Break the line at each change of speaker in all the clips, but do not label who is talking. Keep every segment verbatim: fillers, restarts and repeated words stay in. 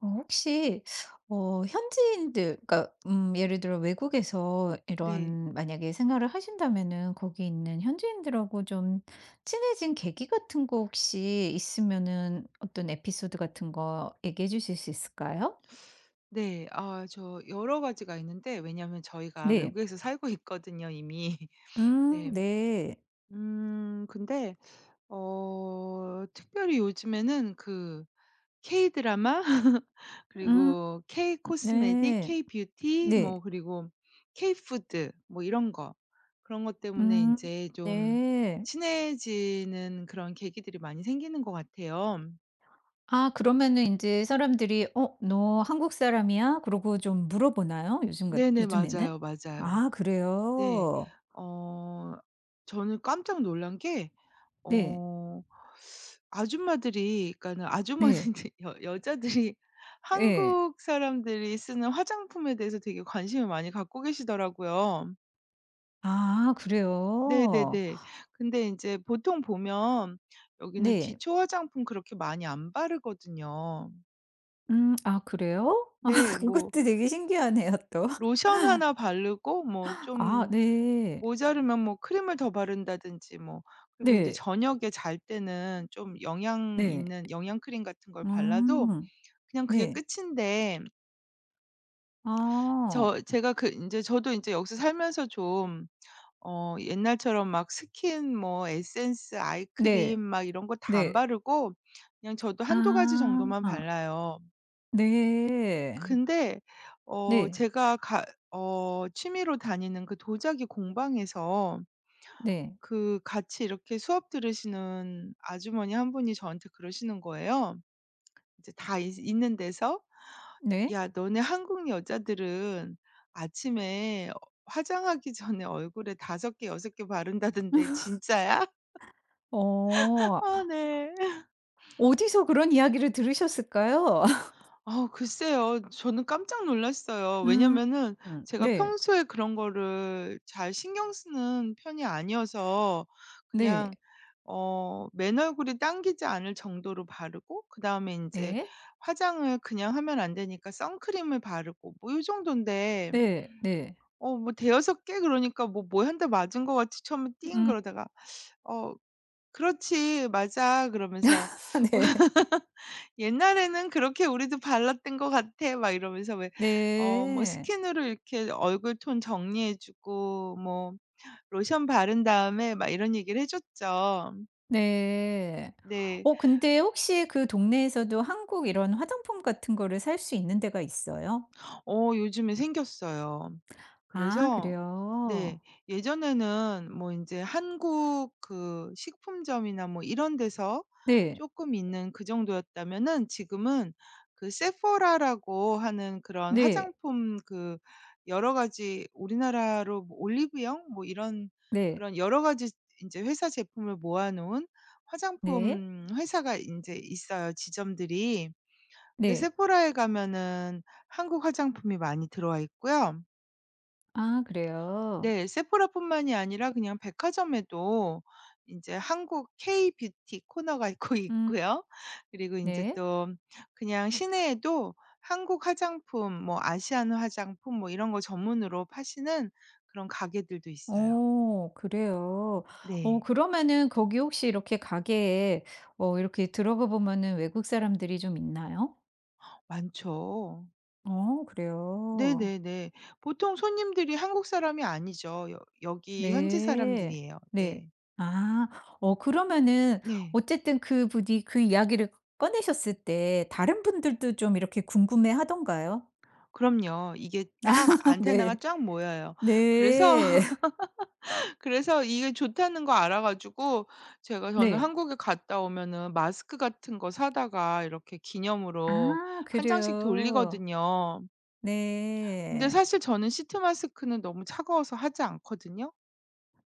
어 혹시 어 현지인들 그러니까 음 예를 들어 외국에서
네.
이런 만약에 생활을 하신다면은 거기 있는 현지인들하고 좀 친해진 계기 같은 거 혹시 있으면은 어떤 에피소드 같은 거 얘기해 주실 수 있을까요?
네. 아 저 여러 가지가 있는데 왜냐하면 저희가
네.
외국에서 살고 있거든요, 이미.
음
네.
네.
음 근데 어. 특별히 요즘에는 그 케이 드라마?
음.
그리고 케이 코스메틱,
네.
케이 뷰티, 뭐
네.
그리고 케이 푸드 뭐 이런 거. 그런 것 때문에
음.
인제 좀
네.
친해지는 그런 계기들이 많이 생기는 것 같아요.
아 그러면은 인제 사람들이 "어 너 한국 사람이야?" 그러고 좀 물어보나요? 요즘 같
네네.
요즘에는?
맞아요, 맞아요.
아
네.
그래요?
어. 저는 깜짝 놀란 게
네.
어. 아줌마들이 그러니까는
네.
아주머니들 여 여자들이
예.
한국 사람들이 쓰는 화장품에 대해서 되게 관심을 많이 갖고 계시더라고요.
아 그래요?
네네네. 근데 인제 보통 보면 여기는
네.
기초 화장품 그렇게 많이 안 바르거든요.
음. 아 그래요?
네 뭐
그것도 되게 신기하네요, 또.
로션 하나 바르고 뭐
아
좀
네.
모자르면 뭐 크림을 더 바른다든지 뭐 그리고 인제
네.
저녁에 잘 때는 좀 영양
네.
있는 영양크림 같은 걸 발라도
음
그냥 그게
네.
끝인데
아.
저 제가 그 인제 저도 인제 여기서 살면서 좀 어 옛날처럼 막 스킨 뭐 에센스, 아이크림
네
막 이런 거 다 안
네.
바르고 그냥 저도 한두 가지 정도만
아.
발라요.
네.
근데 어
네.
제가 가 어 취미로 다니는 그 도자기 공방에서
네.
그 같이 이렇게 수업 들으시는 아주머니 한 분이 저한테 그러시는 거예요. 이제 다 있 있는 데서
네.
"야 너네 한국 여자들은 아침에 화장하기 전에 얼굴에 다섯 개, 여섯 개 바른다던데 진짜야?"
어.
어 네.
어디서 그런 이야기를 들으셨을까요?
어 글쎄요. 저는 깜짝 놀랐어요.
음
왜냐면은 제가
네.
평소에 그런 거를 잘 신경 쓰는 편이 아니어서
네.
그냥 어 맨얼굴이 당기지 않을 정도로 바르고 그다음에 인제
예.
화장을 그냥 하면 안 되니까 선크림을 바르고 뭐 요 정돈데
네 네.
어 뭐 대여섯 개 그러니까 뭐 뭐 한 대 맞은 것 같이 처음에 띵
음.
그러다가 어 "그렇지. 맞아." 그러면서
아 네.
"옛날에는 그렇게 우리도 발랐던 것 같아." 막 이러면서 왜 어 뭐
네.
스킨으로 이렇게 얼굴 톤 정리해 주고 뭐 로션 바른 다음에 막 이런 얘기를 해 줬죠.
네.
네.
어 근데 혹시 그 동네에서도 한국 이런 화장품 같은 거를 살 수 있는 데가 있어요?
어 요즘에 생겼어요.
아
그래서
그래요.
네 예전에는 뭐 인제 한국 그 식품점이나 뭐 이런 데서
네.
쪼끔 있는 그 정도였다면은 지금은 그 세포라라고 하는 그런
네.
화장품 그 여러 가지 우리나라로 뭐 올리브영 뭐 이런
네.
그런 여러 가지 인제 회사 제품을 모아 놓은
네.
화장품 회사가 인제 있어요, 지점들이. 근데
네.
세포라에 가면은 한국 화장품이 많이 들어와 있고요.
아 그래요?
네. 세포라 뿐만이 아니라 그냥 백화점에도 이제 한국 K-뷰티 코너가 있고
음.
있고요. 그리고 이제
네.
또 그냥 시내에도 한국 화장품, 뭐 아시안 화장품 뭐 이런 거 전문으로 파시는 그런 가게들도 있어요.
오 그래요? 어
네.
그러면은 거기 혹시 이렇게 가게에 어 이렇게 들어가 보면은 외국 사람들이 좀 있나요?
많죠.
어 그래요?
네네네. 보통 손님들이 한국 사람이 아니죠. 여 여기 현지
네.
사람들이에요.
네.
네.
아. 어 그러면은
네.
어쨌든 그분이 그 이야기를 꺼내셨을 때 다른 분들도 좀 이렇게 궁금해하던가요?
그럼요. 이게 딱 안테나가
네.
쫙 모여요. 그래서
네.
그래서 이게 좋다는 거 알아 가지고 제가 저는
네.
한국에 갔다 오면은 마스크 같은 거 사다가 이렇게 기념으로
아.
한 장씩
그래요.
돌리거든요. 근데
네.
사실 저는 시트 마스크는 너무 차가워서 하지 않거든요.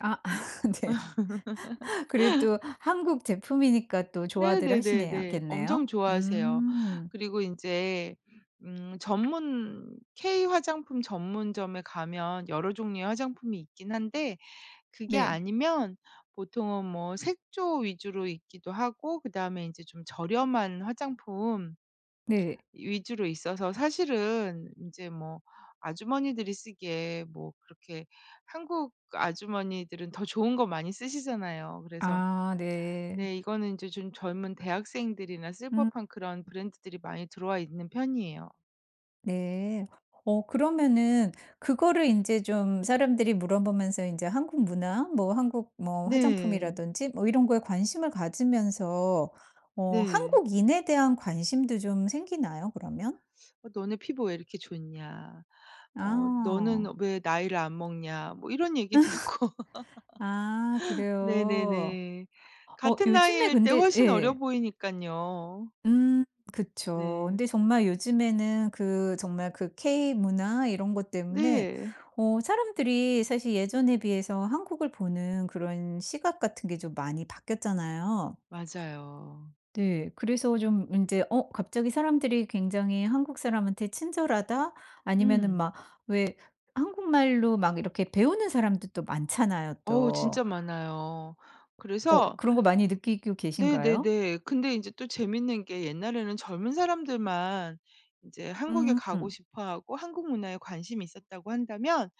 아 네. 그래도 한국 제품이니까 또 좋아들 하시네요
네네네네. 엄청
겠네요.
좋아하세요.
음.
그리고 인제 음 전문 K-화장품 전문점에 가면 여러 종류의 화장품이 있긴 한데 그게
네.
아니면 보통은 뭐 색조 위주로 있기도 하고 그다음에 인제 좀 저렴한 화장품
네.
위주로 있어서 사실은 인제 뭐 아주머니들이 쓰기에 뭐 그렇게 한국 아주머니들은 더 좋은 거 많이 쓰시잖아요. 그래서
아 네.
네 이거는 이제 좀 젊은 대학생들이나 쓸
음.
법한 그런 브랜드들이 많이 들어와 있는 편이에요.
네. 어 그러면은 그거를 인제 좀 사람들이 물어 보면서 인제 한국 문화, 뭐 한국 뭐
네.
화장품이라든지 뭐 이런 거에 관심을 가지면서 어
네.
한국인에 대한 관심도 좀 생기나요, 그러면?
어 "너네 피부가 왜 이렇게 좋냐? 어
아.
너는 왜 나이를 안 먹냐?" 뭐 이런 얘기 듣고
아 그래요.
네네네.
어
같은
요즘에
나이일 때
근데
훨씬 어려
예.
보이니깐요.
음. 그쵸.
네.
근데 정말 요즘에는 그 정말 그 K-문화 이런 것 때문에
네.
어 사람들이 사실 예전에 비해서 한국을 보는 그런 시각 같은 게 좀 많이 바뀌었잖아요.
맞아요.
네. 그래서 좀 인제 어 갑자기 사람들이 굉장히 한국 사람한테 친절하다? 아니면은
음.
막 왜 한국말로 막 이렇게 배우는 사람들도 많잖아요,
어우.
또.
진짜 많아요.
어
그래서
그런 거 많이 느끼고 계신가요?
네네네. 근데 인제 또 재밌는 게 옛날에는 젊은 사람들만 이제 한국에 가고
음.
싶어 하고 한국 문화에 관심이 있었다고 한다면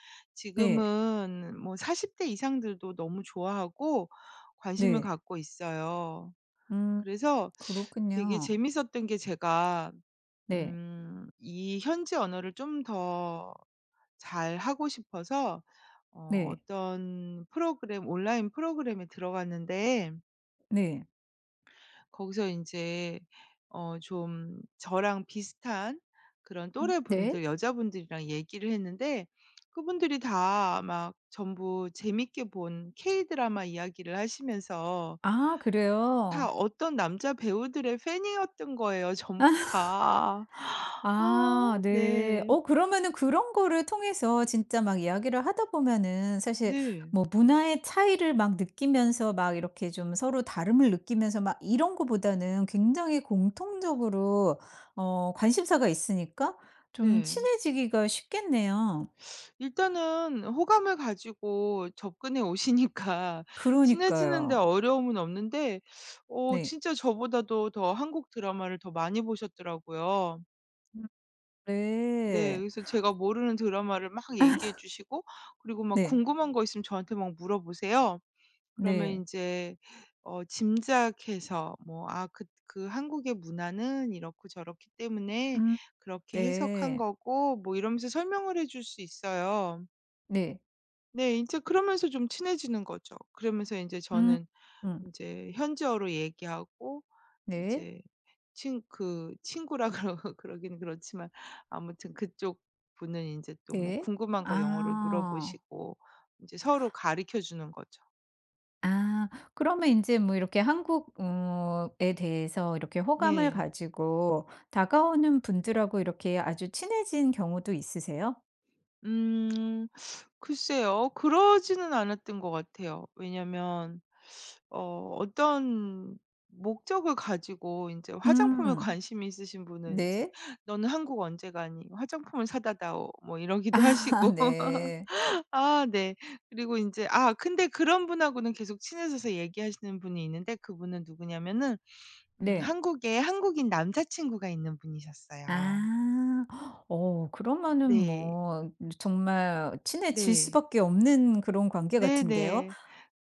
네.
지금은 뭐 사십 대 이상들도 너무 좋아하고 관심을
네.
갖고 있어요.
음.
그래서 되게
그렇군요.
재밌었던 게 제가
네.
음 이 현지 언어를 좀 더 잘하고 싶어서 어
네.
어떤 프로그램, 온라인 프로그램에 들어갔는데
네.
거기서 인제 어 좀 저랑 비슷한 그런
음 네.
또래분들 여자분들이랑 얘기를 했는데 그분들이 다 막 전부 재밌게 본 K-Drama 이야기를 하시면서
아
다
그래요?
어떤 남자 배우들의 팬이었던 거예요 전부 다. 아
아, 네.
네.
어 그러면은 그런 거를 통해서 진짜 막 이야기를 하다 보면은 사실
네.
뭐 문화의 차이를 막 느끼면서 막 이렇게 좀 서로 다름을 느끼면서 막 이런 거보다는 굉장히 공통적으로 어 관심사가 있으니까 좀
네.
친해지기가 쉽겠네요.
일단은 호감을 가지고 접근해 오시니까 친해지는 데
그러니까요.
어려움은 없는데 어
네.
진짜 저보다도 더 한국 드라마를 더 많이 보셨더라고요.
음
네,
네.
그래서 제가 모르는 드라마를 막 얘기해 주시고 그리고 막
네.
궁금한 거 있으면 저한테 막 물어보세요. 그러면
네.
인제 어 짐작해서 뭐 "아, 그 그 한국의 문화는 이렇고 저렇기 때문에
음.
그렇게 해석한
네.
거고" 뭐 이러면서 설명을 해 줄 수 있어요.
네.
네. 인제 그러면서 좀 친해지는 거죠. 그러면서 인제
음
저는
음.
인제 현지어로 얘기하고
네.
인제 친 그 친구라 그러 그러긴 그렇지만 아무튼 그쪽 분은 인제 또 뭐
네.
궁금한 거 영어로
아.
물어보시고 인제 서로 가르쳐 주는 거죠.
아 그러면 인제 뭐 이렇게 한국 음 ...에 대해서 이렇게 호감을
네.
가지고 다가오는 분들하고 이렇게 아주 친해진 경우도 있으세요?
음. 글쎄요. 그러지는 않았던 것 같아요. 왜냐하면 어 어떤 목적을 가지고 인제 화장품에
음.
관심이 있으신 분은 인제
네.
"너는 한국 언제 가니? 화장품을 사다 다오." 뭐 이러기도
아
하시고
네.
아 네. 그리고 인제 아 근데 그런 분하고는 계속 친해져서 얘기하시는 분이 있는데 그 분은 누구냐면은 음
네.
한국에 한국인 남자친구가 있는 분이셨어요.
아. 어 그러면은
네.
뭐 정말 친해질
네.
수밖에 없는 그런 관계
네
같은데요.
네.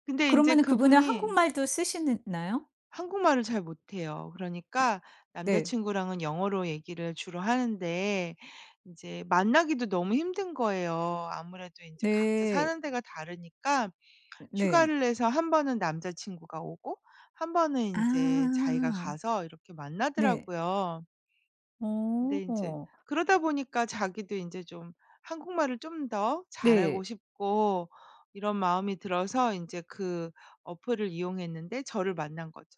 근데 인제
그러면은 그분은
그분이
한국말도 쓰시느 나요?
한국말을 잘 못해요. 그러니까
네.
남자친구랑은 영어로 얘기를 주로 하는데 이제 만나기도 너무 힘든 거예요. 아무래도 인제 각자
네.
사는 데가 다르니까
네.
휴가를 내서 한 번은 남자친구가 오고 한 번은 인제 자기가
아.
가서 이렇게
네.
만나더라고요. 근데 인제
어.
그러다 보니까 자기도 인제 좀 한국말을 좀 더
네.
잘하고 싶고 이런 마음이 들어서 인제 그 어플을 이용했는데 저를 만난 거죠.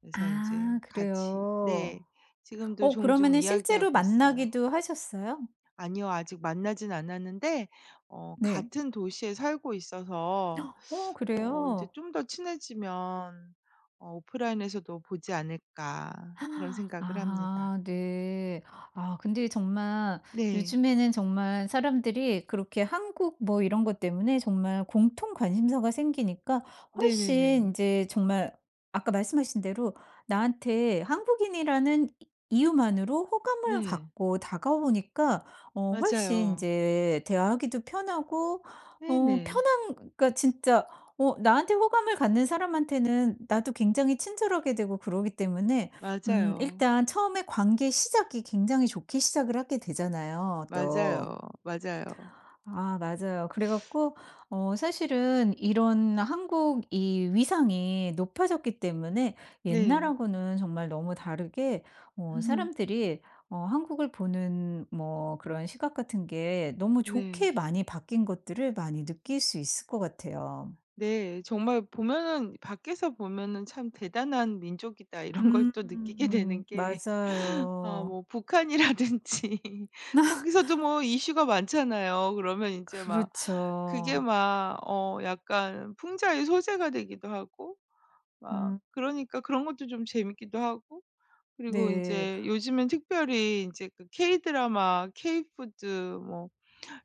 그래서 인제
아
같이
그래요.
네 지금도
어
종종
그러면은 실제로
이야기하고 있어요.
만나기도 하셨어요?
아니요. 아직 만나진 않았는데 어
네.
같은 도시에 살고 있어서
어
어 이제
그래요?
'좀 더 친해지면 어 오프라인에서도 보지 않을까?' 그런 생각을 합니다.
아 네. 아 근데 정말
네.
요즘에는 정말 사람들이 그렇게 한국 뭐 이런 것 때문에 정말 공통 관심사가 생기니까 훨씬
네네네.
인제 정말 아까 말씀하신 대로 나한테 한국인이라는 이 이유만으로 호감을
네.
갖고 다가오니까 어 훨씬
맞아요.
인제 대화하기도 편하고 어
네네.
편한 그러니까 진짜 어 나한테 호감을 갖는 사람한테는 나도 굉장히 친절하게 되고 그러기 때문에 음
맞아요.
일단 처음에 관계 시작이 굉장히 좋게 시작을 하게 되잖아요, 또.
맞아요, 맞아요.
아 맞아요. 그래 갖고 어 사실은 이런 한국이 위상이 높아졌기 때문에
네.
옛날하고는 정말 너무 다르게 어 사람들이 어 한국을 보는 뭐 그런 시각 같은 게 너무
네.
좋게 많이 바뀐 것들을 많이 느낄 수 있을 것 같아요.
네. 정말 보면은 밖에서 보면은 '참 대단한 민족이다.' 이런 걸
음.
또 느끼게 되는 게 어
맞아요.
뭐 북한이라든지 거기서도 뭐 이슈가 많잖아요. 그러면 인제 막 그게
그렇죠.
막 어 약간 풍자의 소재가 되기도 하고 막
음.
그러니까 그런 것도 좀 재밌기도 하고 그리고
네.
인제 요즘은 특별히 인제 그 K-Drama, K food, 뭐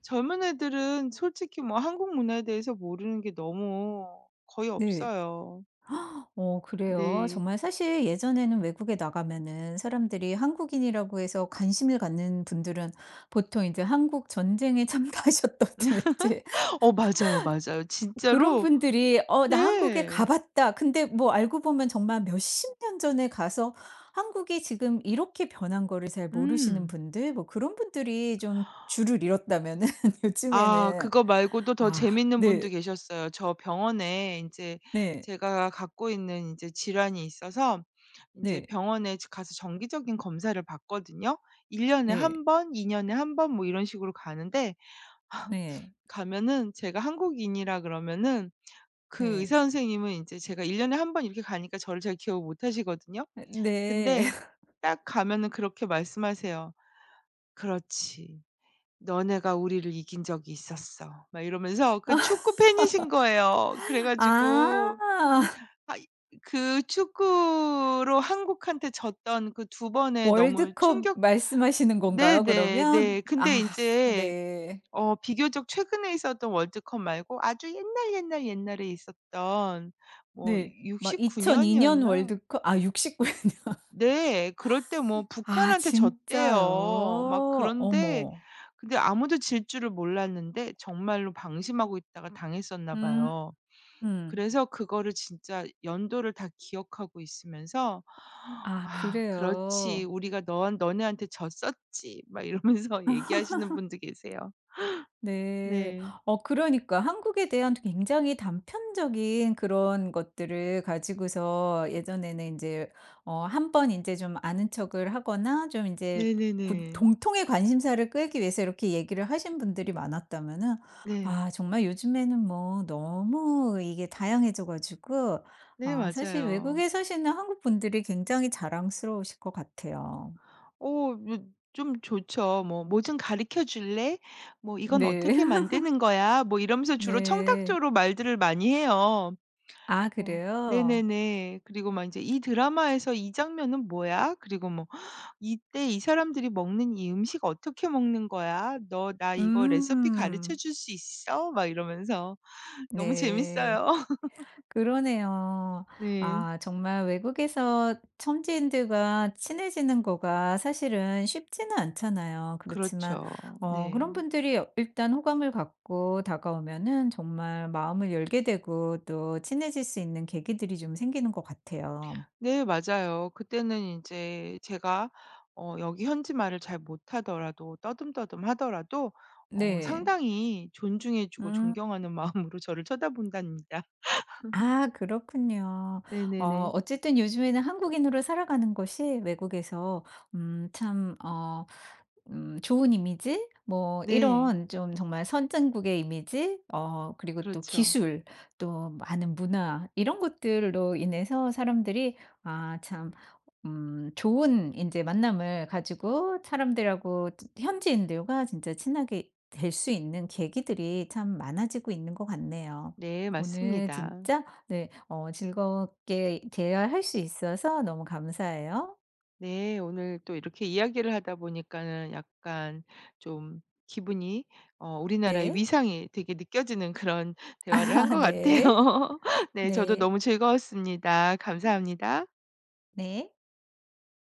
젊은 애들은 솔직히 뭐 한국 문화에 대해서 모르는 게 너무 거의
네.
없어요.
어 그래요?
네.
정말 사실 예전에는 외국에 나가면은 사람들이 한국인이라고 해서 관심을 갖는 분들은 보통 인제 한국 전쟁에 참가하셨다든지
어 맞아요, 맞아요.
그런
진짜로
분들이 "어 나 한국에 가
네.
봤다." 근데 뭐 알고 보면 정말 몇 십 년 전에 가서 한국이 지금 이렇게 변한 거를 잘 모르시는
음.
분들 뭐 그런 분들이 좀 주를 이뤘다면은
아
요즘에는
그거 말고도 더
아
재밌는 분도
네.
계셨어요. 저 병원에 인제
네.
제가 갖고 있는 인제 질환이 있어서 인제
네.
병원에 가서 정기적인 검사를 받거든요. 일 년에
네.
한 번, 이 년에 한 번 뭐 이런 식으로 가는데
네.
가면은 제가 한국인이라 그러면은 그
네.
의사 선생님은 인제 제가 일 년에 한 번 이렇게 가니까 저를 잘 기억을 못 하시거든요.
네.
근데 딱 가면은 그렇게 말씀하세요. "그렇지. 너네가 우리를 이긴 적이 있었어." 막 이러면서 그 축구 팬이신 거예요. 그래 가지고
아.
아 이 그 축구로 한국한테 졌던 그 두 번의 너무
월드컵
충격
말씀하시는
네
건가요,
네.
그러면?
네. 근데
아
인제
네.
어 비교적 최근에 있었던 월드컵 말고 아주 옛날, 옛날, 옛날에 있었던 뭐
네. 막
육십구
이천이 년
년이었나?
월드컵? 아 육십구 년.
네. 그럴 때 뭐
아
북한한테 졌대요. 막
진짜요?
그런데
어머.
근데 아무도 질 줄을 몰랐는데 정말로 방심하고 있다가 당했었나
음
봐요.
음.
그래서 그거를 진짜 연도를 다 기억하고 있으면서
아
"아 그렇지.
그래요.
우리가 너한 너네한테 졌었지." 막 이러면서 얘기하시는 분도 계세요.
네.
네.
어 그러니까 한국에 대한 굉장히 단편적인 그런 것들을 가지고서 예전에는 인제 어 한 번 인제 좀 아는 척을 하거나 좀 인제 구
네네네.
동통의 관심사를 끌기 위해서 이렇게 얘기를 하신 분들이 많았다면은
네.
아 정말 요즘에는 뭐 너무 이게 다양해져 가지고
네
아 사실
맞아요.
외국에 사시는 한국 분들이 굉장히 자랑스러우실 것 같아요.
오 좀 좋죠. 뭐 "뭐 좀 가르쳐 줄래? 뭐 이건
네.
어떻게 만드는 거야?" 뭐 이러면서 주로
네.
청탁조로 말들을 많이 해요.
아
어
그래요?
네네네. 그리고 막 인제 "이 드라마에서 이 장면은 뭐야? "그리고 뭐 "이때 이 사람들이 먹는 이 음식 어떻게 먹는 거야?" "너 나 이거 레시피 가르쳐
음.
줄 수 있어?" 막 이러면서 너무
네.
재밌어요.
그러네요.
네.
아 정말 외국에서 현지인들과 친해지는 거가 사실은 쉽지는 않잖아요. 그렇지만
그렇죠.
어 그런
네.
분들이 일단 호감을 갖고 다가오면은 정말 마음을 열게 되고 또 친해질 수 있는 계기들이 좀 생기는 것 같아요.
네 맞아요. 그때는 인제 제가 어 여기 현지 말을 잘 못하더라도 떠듬떠듬하더라도 어
네.
상당히 존중해 주고
응.
존경하는 마음으로 저를 쳐다본답니다.
아 그렇군요.
네 네
어
네.
어쨌든 요즘에는 한국인으로 살아가는 것이 외국에서 음 참 어 음 좋은 이미지, 뭐
네.
이런 좀 정말 선진국의 이미지, 어 그리고 또
그렇죠.
기술, 또 많은 문화 이런 것들로 인해서 사람들이 아 참 음 좋은 인제 만남을 가지고 사람들하고 즈 현지인들과 진짜 친하게 될 수 있는 계기들이 참 많아지고 있는 것 같네요.
네
오늘
맞습니다.
진짜 네 어 즐겁게 대화할 수 있어서 너무 감사해요.
네 오늘 또 이렇게 이야기를 하다 보니까는 약간 좀 기분이 어 우리나라의
네.
위상이 되게 느껴지는 그런 대화를 한
아
것 같아요.
네.
네 저도
네.
너무 즐거웠습니다. 감사합니다.
네.